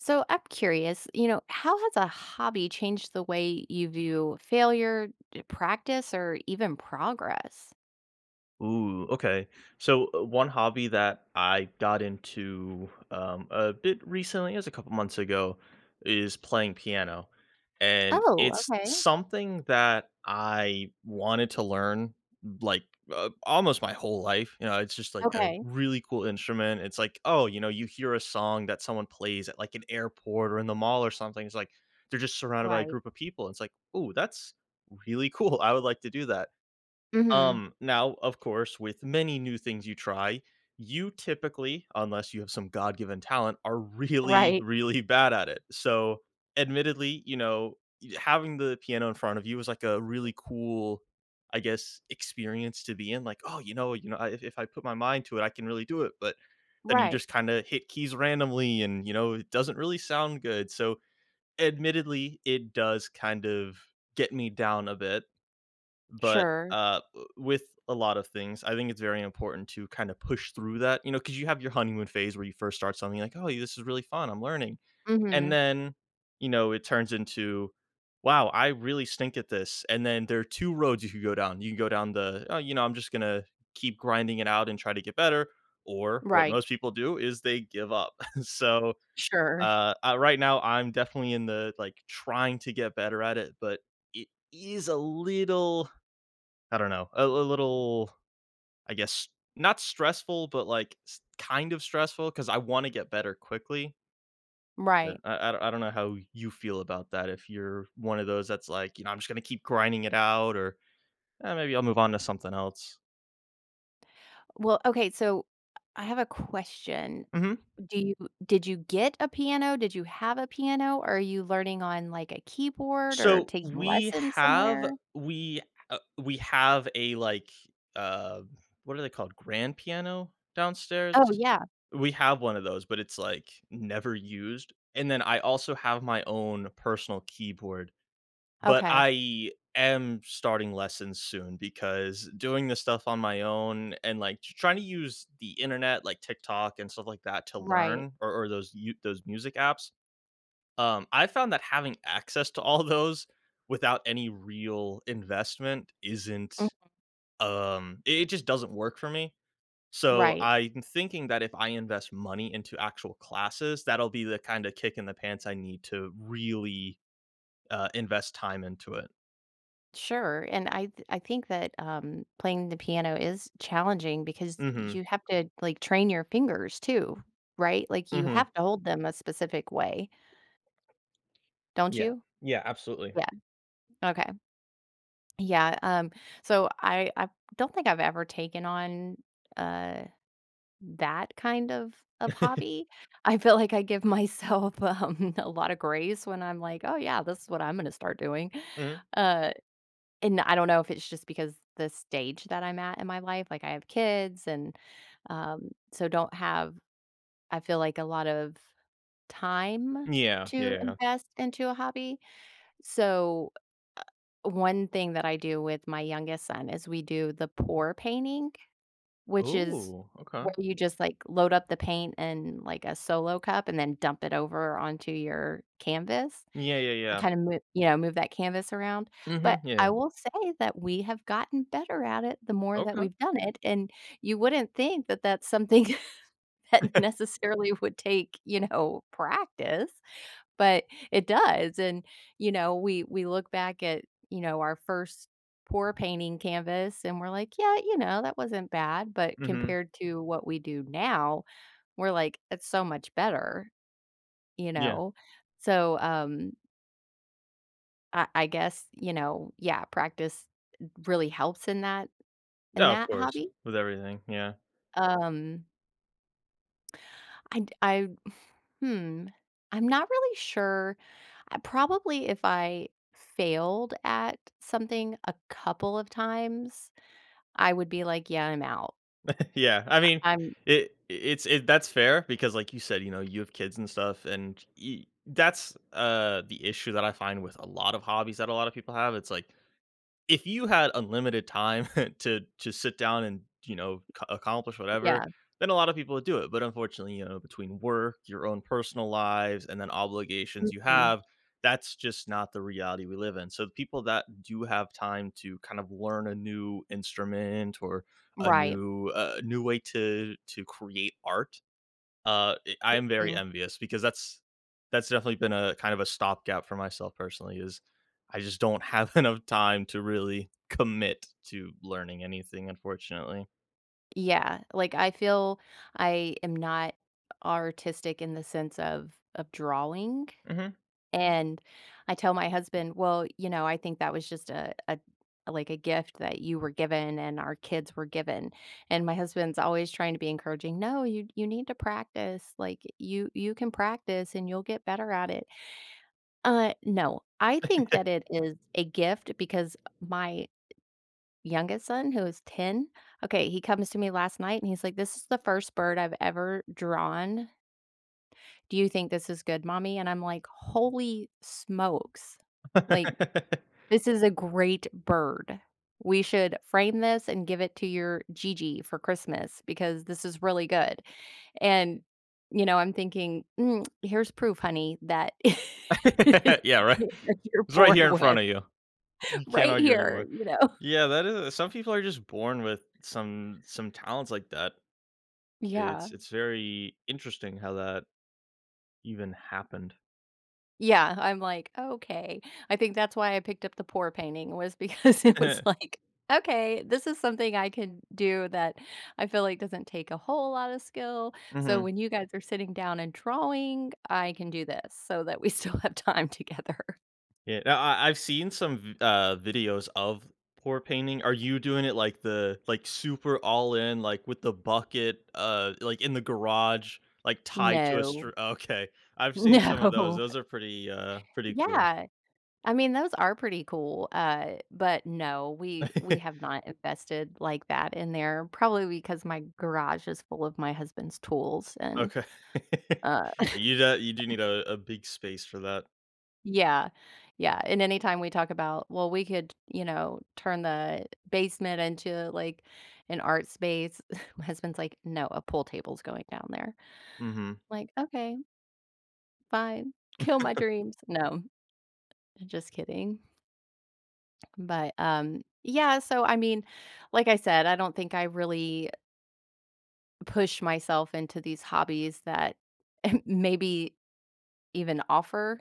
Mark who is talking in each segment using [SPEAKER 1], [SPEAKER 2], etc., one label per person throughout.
[SPEAKER 1] So I'm curious, you know, how has a hobby changed the way you view failure, d practice, or even progress?
[SPEAKER 2] Ooh, okay. So, uh, one hobby that I got into, um, a bit recently as a couple months ago is playing piano. And
[SPEAKER 1] Oh,
[SPEAKER 2] it's
[SPEAKER 1] okay.
[SPEAKER 2] something that I wanted to learn, like, uh, almost my whole life. You know? It's just like a
[SPEAKER 1] Okay.
[SPEAKER 2] really cool instrument. It's like, oh, you know, you hear a song that someone plays at, like, an airport or in the mall or something. It's like, they're just surrounded by a
[SPEAKER 1] Right.
[SPEAKER 2] group of people. It's like, "Ooh, that's really cool. I would like to do that."
[SPEAKER 1] Mhm.
[SPEAKER 2] Um, now, of course, with many new things you try, you typically- unless you have some God-given talent- are really,
[SPEAKER 1] Right.
[SPEAKER 2] really bad at it. So, admittedly, e you know, having the piano in front of you is like a really cool, I guess, experience to be in. Like, "Oh, you know you know, I i if I put my mind to it, I can really do it." But then you
[SPEAKER 1] Right.
[SPEAKER 2] just kinda hit keys randomly and, you know, it doesn't really sound good. So, admittedly, it does kind of get me down a bit. But,
[SPEAKER 1] Sure.
[SPEAKER 2] uh, with a lot of things, I think it's very important to kinda push through that, you know, 'cause you have your honeymoon phase where you first start something like, "Oh, y this is really fun. I'm learning." And
[SPEAKER 1] Mhm.
[SPEAKER 2] then, you know, it turns into, "Wow. I really stink at this." And then there are 2 roads you could go down. You can go down the, "Oh, you know, I'm just gonna keep grinding it out and try to get better," or what
[SPEAKER 1] Right.
[SPEAKER 2] most people do is they give up. So,
[SPEAKER 1] Sure.
[SPEAKER 2] uh, uh, right now, I'm definitely in the, like, trying to get better at it, but it is a little I don't know, a l little, I guess, not stressful, but, like, s kind of stressful 'cause I wanna get better quickly
[SPEAKER 1] Right.
[SPEAKER 2] and I I I don't know how you feel about that if you're one of those that's like, you know, "I'm just gonna keep grinding it out," or "Eh, maybe I'll move on to something else."
[SPEAKER 1] Well, okay, so I have a question.
[SPEAKER 2] Mhm.
[SPEAKER 1] Do you did you get a piano? Did you have a piano? Are you learning on, like, a keyboard or
[SPEAKER 2] So,
[SPEAKER 1] taking
[SPEAKER 2] we
[SPEAKER 1] lessons
[SPEAKER 2] have
[SPEAKER 1] somewhere?
[SPEAKER 2] we, uh we have a, like, um what are they called, grand piano
[SPEAKER 1] Oh,
[SPEAKER 2] downstairs?
[SPEAKER 1] yeah.
[SPEAKER 2] We have one of those, but it's, like, never used. And then I also have my own personal keyboard, but
[SPEAKER 1] Okay.
[SPEAKER 2] I am starting lessons soon because doing this stuff on my own and, like, tr trying to use the internet, like TikTok and stuff like that, to
[SPEAKER 1] Right.
[SPEAKER 2] learn or or those you those music apps. Um, I found that having access to all those without any real investment isn't,
[SPEAKER 1] Mhm.
[SPEAKER 2] um i it just doesn't work for me. So,
[SPEAKER 1] Right.
[SPEAKER 2] I'm thinking that if I invest money into actual classes, that'll be the kinda kick in the pants I need to really, uh, invest time into it.
[SPEAKER 1] Sure. And I th I think that, um, playing the piano is challenging because
[SPEAKER 2] Mhm.
[SPEAKER 1] you have to, like, train your fingers too, right? Like, you
[SPEAKER 2] Mhm.
[SPEAKER 1] have to hold them a specific way don't
[SPEAKER 2] Yeah,
[SPEAKER 1] you?
[SPEAKER 2] yeah, absolutely.
[SPEAKER 1] Yeah. Okay. Yeah. Um, so I, uh, don't think I've ever taken on, uh, that kind of of hobby. I feel like I give myself, um, a lotta grace when I'm like, "Oh, yeah, this is what I'm gonna start doing."
[SPEAKER 2] Mhm.
[SPEAKER 1] Uh, and I don't know if it's just because the stage that I'm at in my life. Like, I have kids, and, um, so don't have, I feel like, a lot of time
[SPEAKER 2] Mm, yeah,
[SPEAKER 1] to
[SPEAKER 2] yeah.
[SPEAKER 1] invest into a hobby. So, one thing that I do with my youngest son is we do the pour painting, which is
[SPEAKER 2] Ooh, okay.
[SPEAKER 1] where you just, like, load up the paint in, like, a solo cup and then dump it over onto your canvas
[SPEAKER 2] Yeah, yeah,
[SPEAKER 1] and
[SPEAKER 2] yeah.
[SPEAKER 1] kinda mo Yeah, move that canvas around. But
[SPEAKER 2] Mhm, yeah.
[SPEAKER 1] I will say that we have gotten better at it the more that
[SPEAKER 2] Okay.
[SPEAKER 1] we've done it, and you wouldn't think that that's something that necessarily would take, you know, practice, but it does. And, you know, we we look back at, you know, our 1st pour painting canvas, and we're like, "Yeah, you know, that wasn't bad." But
[SPEAKER 2] Mhm.
[SPEAKER 1] compared to what we do now, we're like, "It's so much better." You
[SPEAKER 2] Yeah.
[SPEAKER 1] know? So, um ah I guess, you know, yeah, practice really helps in that in
[SPEAKER 2] Yeah of
[SPEAKER 1] that
[SPEAKER 2] course,
[SPEAKER 1] hobby.
[SPEAKER 2] with everything. Yeah.
[SPEAKER 1] Um I'd I Hmm, I'm not really sure. I probably, if I failed at something a couple of times, I would be like, "Yeah. I'm out."
[SPEAKER 2] Yeah. I mean,
[SPEAKER 1] I I'm
[SPEAKER 2] it it it's it that's fair because, like you said, you know, you have kids and stuff, and e that's, uh, the issue that I find with a lot of hobbies that a lot of people have. It's like, if you had unlimited time to to sit down and, you know, c accomplish whatever,
[SPEAKER 1] Yeah.
[SPEAKER 2] then a lotta people would do it, but unfortunately, you know, between work, your own personal lives, and then obligations you
[SPEAKER 1] Mhm.
[SPEAKER 2] have, that's just not the reality we live in. So people that do have time to kind of learn a new instrument or a
[SPEAKER 1] Right.
[SPEAKER 2] new, uh, new way to to create art, uh, i I am very
[SPEAKER 1] Mhm.
[SPEAKER 2] envious because that's that's definitely been a kind of a stopgap for myself personally is I just don't have enough time to really commit to learning anything, unfortunately.
[SPEAKER 1] Yeah, like, I feel I am not artistic in the sense of of drawing.
[SPEAKER 2] Mhm.
[SPEAKER 1] And I tell my husband, "Well, you know, I think that was just a a like, a gift that you were given and our kids were given." And my husband's always trying to be encouraging. "No. You you need to practice, like, you you can practice, and you'll get better at it." Uh, no. I think that it is a gift because my youngest son who is 10, okay, he comes to me last night, and he's like, "This is the 1st bird I've ever drawn." "Do you think this is good, mommy?" And I'm like, "Holy smokes. Like, this is a great bird. We should frame this and give it to your Gigi for Christmas because this is really good." And, you know, I'm thinking, "Mm, here's proof, honey, that it is
[SPEAKER 2] Yeah, right.
[SPEAKER 1] something that you're
[SPEAKER 2] "It's right here
[SPEAKER 1] born
[SPEAKER 2] in
[SPEAKER 1] with
[SPEAKER 2] front of you. You can't
[SPEAKER 1] right
[SPEAKER 2] argue
[SPEAKER 1] here."
[SPEAKER 2] anymore."
[SPEAKER 1] You know?
[SPEAKER 2] Yeah, that is some people are just born with some some talents like that,
[SPEAKER 1] Yeah.
[SPEAKER 2] it's it's very interesting how that even happened.
[SPEAKER 1] Yeah, I'm like, "Okay." I think that's why I picked up the pour painting was because it was like, "Okay, this is something I can do that I feel like doesn't take a whole lotta skill, so
[SPEAKER 2] Mhm.
[SPEAKER 1] when you guys are sitting down and drawing, I can do this so that we still have time together."
[SPEAKER 2] Yeah, I I I've seen some, v uh, videos of pour painting, are you doing it, like the like, super all in, like, with the bucket, uh, like, in the garage, like, tied to a
[SPEAKER 1] No.
[SPEAKER 2] str Okay. I've seen some of those.
[SPEAKER 1] No.
[SPEAKER 2] Those are pretty, uh, pretty cool.
[SPEAKER 1] Yeah. I mean, those are pretty cool. Uh, but, no, we we have not invested like that in there, probably because my garage is full of my husband's tools, and,
[SPEAKER 2] Okay.
[SPEAKER 1] uh
[SPEAKER 2] Are you the you do need a a big space for that.
[SPEAKER 1] Yeah. Yeah, and anytime we talk about, "Well, we could, you know, turn the basement into, like, an art space," my husband's like, "No, a pool table's going down there."
[SPEAKER 2] Mhm.
[SPEAKER 1] I'm like, "Okay." Fine. Kill my dreams, no. Just kidding. But, um, yeah, so, I mean, like I said, I don't think I really push myself into these hobbies that maybe even offer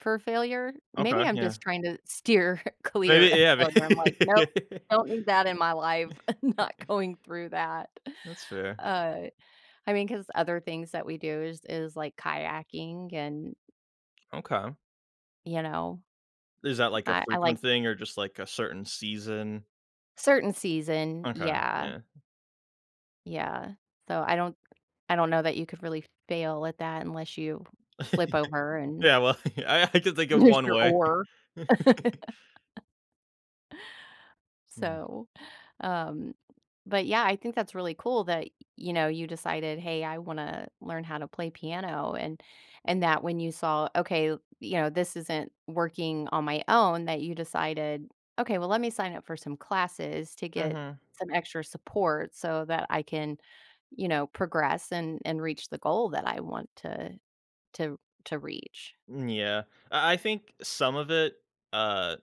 [SPEAKER 1] for failure. Maybe
[SPEAKER 2] Okay,
[SPEAKER 1] I'm
[SPEAKER 2] yeah.
[SPEAKER 1] just trying to steer
[SPEAKER 2] Maybe
[SPEAKER 1] clear of
[SPEAKER 2] yeah, ma
[SPEAKER 1] failure. I'm like,
[SPEAKER 2] yeah
[SPEAKER 1] "Nope, don't need that in my life. I'm not going through that."
[SPEAKER 2] That's fair.
[SPEAKER 1] Uh, I mean, 'cause other things that we do is is, like, kayaking and
[SPEAKER 2] Okay.
[SPEAKER 1] You know?
[SPEAKER 2] Is that, like, a
[SPEAKER 1] I I like
[SPEAKER 2] frequent thing or just, like, a certain season?
[SPEAKER 1] Certain season,
[SPEAKER 2] Okay.
[SPEAKER 1] yeah.
[SPEAKER 2] Yeah.
[SPEAKER 1] Yeah. So I don't I don't know that you could really fail at that unless you flip over and
[SPEAKER 2] Yeah, well, y I could think of
[SPEAKER 1] lose
[SPEAKER 2] one
[SPEAKER 1] your
[SPEAKER 2] way.
[SPEAKER 1] oar.
[SPEAKER 2] Mhm.
[SPEAKER 1] So, um, but, yeah, I think that's really cool that, y you know, you decided, "Hey, I wanna learn how to play piano," and and that when you saw, "Okay," you know, "this isn't working on my own," that you decided, "Okay, well, let me sign up for some classes to get
[SPEAKER 2] Mhm.
[SPEAKER 1] some extra support so that I can," you know, "progress and and reach the goal that I want to to to reach."
[SPEAKER 2] Mm, yeah. I I think some of it, uh,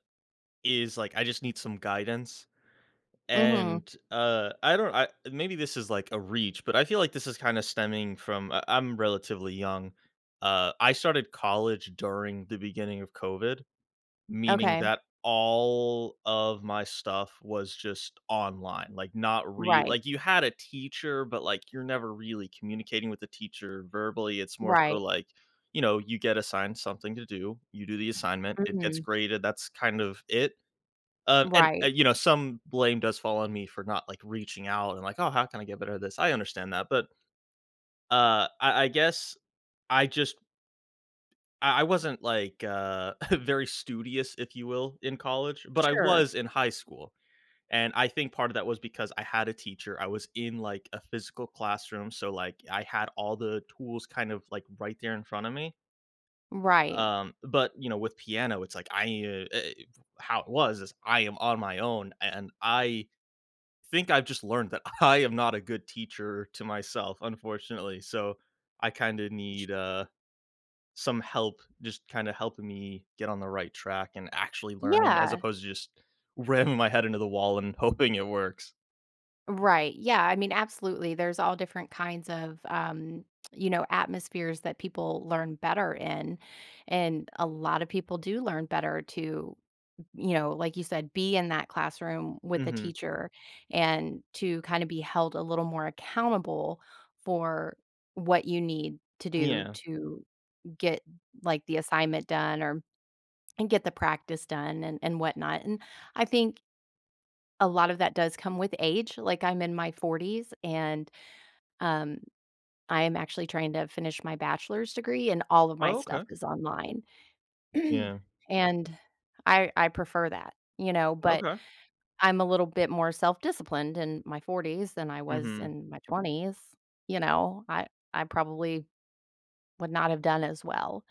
[SPEAKER 2] is, like, I just need some guidance.
[SPEAKER 1] Mhm.
[SPEAKER 2] And, uh, I don't I maybe this is, like, a reach, but I feel like this is kinda stemming from I I'm relatively young. Uh, I started college during the beginning of COVID, meaning
[SPEAKER 1] Okay.
[SPEAKER 2] that all of my stuff was just online. Like, not re
[SPEAKER 1] Right.
[SPEAKER 2] like, you had a teacher, but, like, you're never really communicating with the teacher verbally, it's more so,
[SPEAKER 1] Right.
[SPEAKER 2] like, you know, you get assigned something to do, you do the assignment, it gets
[SPEAKER 1] Mhm.
[SPEAKER 2] graded, that's kind of it. Um, and, uh,
[SPEAKER 1] Right.
[SPEAKER 2] you know, some blame does fall on me for not, like, reaching out and, like, "Oh, how can I get better at this?" I understand that, but Uh, I I guess I just I I wasn't, like, uh, very studious, if you will, in college, but I
[SPEAKER 1] Sure.
[SPEAKER 2] was in high school. And I think part of that was because I had a teacher, I was in, like, a physical classroom, so, like, I had all the tools kind of, like, right there in front of me.
[SPEAKER 1] Right.
[SPEAKER 2] Um, but, you know, with piano, it's like I ee uh, eh, how it was is, "I am on my own," a and I think I've just learned that I am not a good teacher to myself, unfortunately, so, I kinda
[SPEAKER 1] J
[SPEAKER 2] need, uh, some help, just kinda helping me get on the right track and actually learning as
[SPEAKER 1] Yeah.
[SPEAKER 2] opposed to just ramming my head into the wall and hoping it works.
[SPEAKER 1] Right. Yeah, I mean, absolutely, there's all different kinds of, um, you know, atmospheres that people learn better in. And a lotta people do learn better to you know, like you said, be in that classroom, with a
[SPEAKER 2] Mhm.
[SPEAKER 1] teacher, and to kinda be held a little more accountable for what you need to do
[SPEAKER 2] Yeah.
[SPEAKER 1] to get, like, the assignment done or and get the practice done and and whatnot. And, I think a lot of that does come with age. Like, I'm in my 40s, and, um, I am actually trying to finish my bachelor's degree, and all of my
[SPEAKER 2] Oh,
[SPEAKER 1] stuff
[SPEAKER 2] okay.
[SPEAKER 1] is online.
[SPEAKER 2] Yeah.
[SPEAKER 1] And, I I prefer that. You know? But,
[SPEAKER 2] Okay.
[SPEAKER 1] I'm a little bit more self-disciplined in my 40s than I was
[SPEAKER 2] Mhm.
[SPEAKER 1] in my 20s. You know? I I probably would not have done as well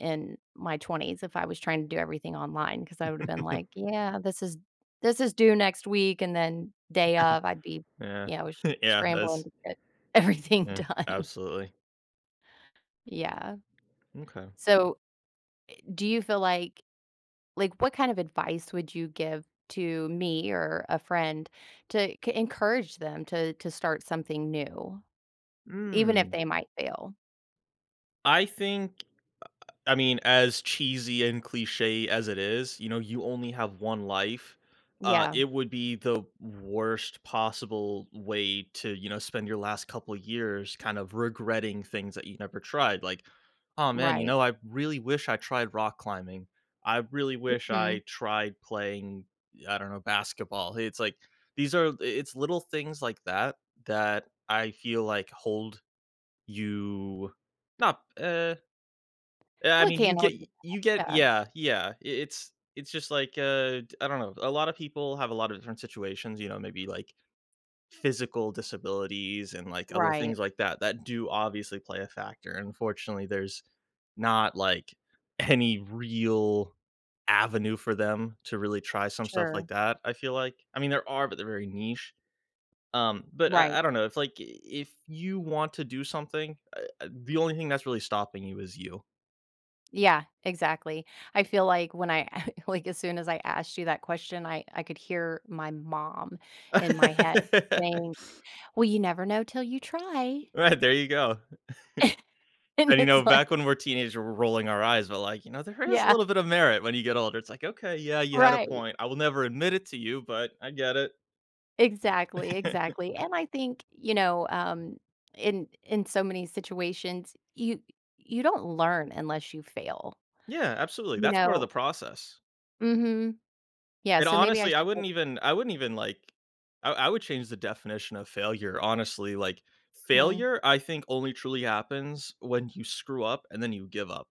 [SPEAKER 1] in my 20s if I was trying to do everything online, 'cause I would have been like, "Yeah. This is this is due next week," and then day of, I'd be,
[SPEAKER 2] Yeah.
[SPEAKER 1] you know, s
[SPEAKER 2] Yeah.
[SPEAKER 1] scrambling
[SPEAKER 2] That's
[SPEAKER 1] to get everything
[SPEAKER 2] Yeah,
[SPEAKER 1] done.
[SPEAKER 2] absolutely.
[SPEAKER 1] Yeah.
[SPEAKER 2] M'kay.
[SPEAKER 1] So, eh do you feel like like, what kind of advice would you give to me or a friend to c encourage them to to start something new, even if
[SPEAKER 2] Mm.
[SPEAKER 1] they might fail.
[SPEAKER 2] I think, uh uh, I mean, as cheesy and cliche as it is, you know, you only have 1 life, uh,
[SPEAKER 1] Yeah.
[SPEAKER 2] it would be the worst possible way to, you know, spend your last couple years kind of regretting things that you never tried, like, "Aw, man," you
[SPEAKER 1] Right.
[SPEAKER 2] know, "I really wish I tried rock climbing. I really wish I
[SPEAKER 1] Mhm.
[SPEAKER 2] tried playing, I don't know, basketball." It's like, these are i it's little things like that, that I feel like hold you not eh Eh, I
[SPEAKER 1] Well, I
[SPEAKER 2] mean, you
[SPEAKER 1] can't
[SPEAKER 2] get
[SPEAKER 1] hold you to
[SPEAKER 2] you get
[SPEAKER 1] that, yeah.
[SPEAKER 2] Yeah, yeah. I it's it's just like, uh, I don't know. A lot of people have a lot of different situations, you know, maybe, like, physical disabilities and, like, other
[SPEAKER 1] Right.
[SPEAKER 2] things like that, that do obviously play a factor. Unfortunately, there's not, like, any real avenue for them to really try some stuff
[SPEAKER 1] Sure.
[SPEAKER 2] like that, I feel like. I mean, there are, but they're very niche. Um, but
[SPEAKER 1] Right.
[SPEAKER 2] I I don't know, it's, like, i i if you want to do something, uh uh, the only thing that's really stopping you is you.
[SPEAKER 1] Yeah, exactly. I feel like when I like, as soon as I asked you that question, I I could hear my mom in my head saying, "Well, you never know till you try."
[SPEAKER 2] Right, there you go.
[SPEAKER 1] And
[SPEAKER 2] And, you
[SPEAKER 1] it's
[SPEAKER 2] know,
[SPEAKER 1] like
[SPEAKER 2] back when we're teenagers, we're rolling our eyes but, like, you know, there is a
[SPEAKER 1] Yeah.
[SPEAKER 2] little bit of merit when you get older, it's, like, "Okay, yeah, you had a
[SPEAKER 1] Right.
[SPEAKER 2] point. I will never admit it to you, but I get it."
[SPEAKER 1] Exactly, exactly, and I think, you know, um, in in so, many situations, you y you don't learn unless you fail,
[SPEAKER 2] Yeah, absolutely,
[SPEAKER 1] you
[SPEAKER 2] that's part of the
[SPEAKER 1] know
[SPEAKER 2] process.
[SPEAKER 1] Mhm. Yeah,
[SPEAKER 2] And,
[SPEAKER 1] so, maybe I
[SPEAKER 2] honestly, I
[SPEAKER 1] should g
[SPEAKER 2] wouldn't even I wouldn't even, like, I I would change the definition of failure, honestly. Like,
[SPEAKER 1] Hmm.
[SPEAKER 2] failure, I think, only truly happens when you screw up and then you give up.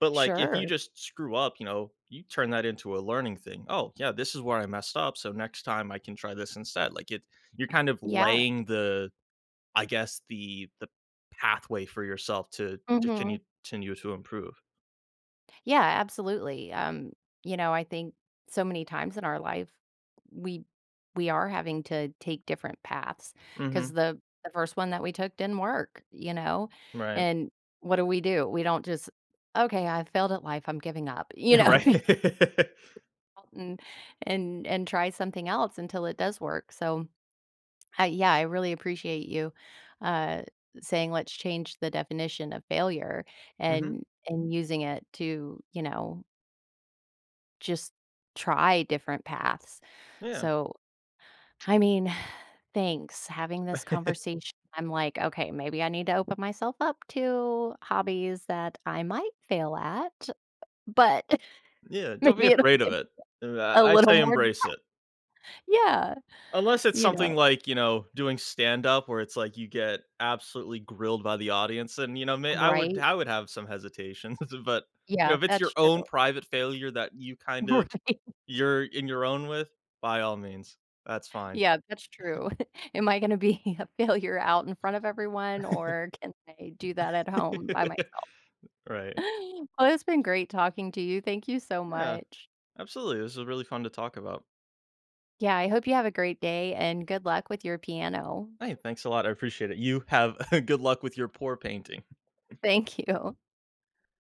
[SPEAKER 2] But, like, if you
[SPEAKER 1] Sure.
[SPEAKER 2] just screw up, you know, you turn that into a learning thing. Oh, yeah, this is where I messed up, so, next time I can try this instead. Like, it you're kind of
[SPEAKER 1] Yeah.
[SPEAKER 2] laying the, I guess, the the pathway for yourself to to
[SPEAKER 1] Mhm.
[SPEAKER 2] continue- continue to improve.
[SPEAKER 1] Yeah, absolutely, um, you know, I think so many times in our life, we we are having to take different paths, 'cause
[SPEAKER 2] Mhm.
[SPEAKER 1] the the first one that we took didn't work, you know?
[SPEAKER 2] Right.
[SPEAKER 1] And what do we do? We don't just, "Okay, I failed at life, I'm giving up," you
[SPEAKER 2] Yeah,
[SPEAKER 1] know
[SPEAKER 2] right.
[SPEAKER 1] [unintelligible] and and and try something else until it does work, so, uh, yeah, I really appreciate you, uh, saying, "Let's change the definition of failure,"
[SPEAKER 2] Mhm.
[SPEAKER 1] and and using it to, you know just try different paths.
[SPEAKER 2] Yeah.
[SPEAKER 1] So, I mean, thanks, having this conversation, I'm like, "Okay, maybe I need to open myself up to hobbies that I might fail at," but
[SPEAKER 2] Yeah, don't be
[SPEAKER 1] maybe it'll
[SPEAKER 2] afraid of
[SPEAKER 1] take
[SPEAKER 2] it. Er,
[SPEAKER 1] a
[SPEAKER 2] I I
[SPEAKER 1] little
[SPEAKER 2] say
[SPEAKER 1] more.
[SPEAKER 2] embrace it.
[SPEAKER 1] [unintelligible] Yeah,
[SPEAKER 2] Unless it's
[SPEAKER 1] you know.
[SPEAKER 2] something like, you know, doing stand-up where it's, like, you get absolutely grilled by the audience and, you know, may I would
[SPEAKER 1] Right?
[SPEAKER 2] I would have some hesitations, but you know,
[SPEAKER 1] Yeah,
[SPEAKER 2] if it's your
[SPEAKER 1] that's
[SPEAKER 2] own
[SPEAKER 1] true.
[SPEAKER 2] private failure that you kind of
[SPEAKER 1] Right.
[SPEAKER 2] you're in your own with, by all means. That's fine.
[SPEAKER 1] Yeah, that's true. Am I gonna be a failure out in front of everyone, or can I do that at home
[SPEAKER 2] M
[SPEAKER 1] by myself?
[SPEAKER 2] right.
[SPEAKER 1] Well, it's been great talking to you, thank you so
[SPEAKER 2] Yeah.
[SPEAKER 1] much.
[SPEAKER 2] Absolutely, this was really fun to talk about.
[SPEAKER 1] Yeah, I hope you have a great day, and good luck with your piano.
[SPEAKER 2] Hey, thanks a lot, I appreciate it. You have good luck with your pour painting.
[SPEAKER 1] Thank you.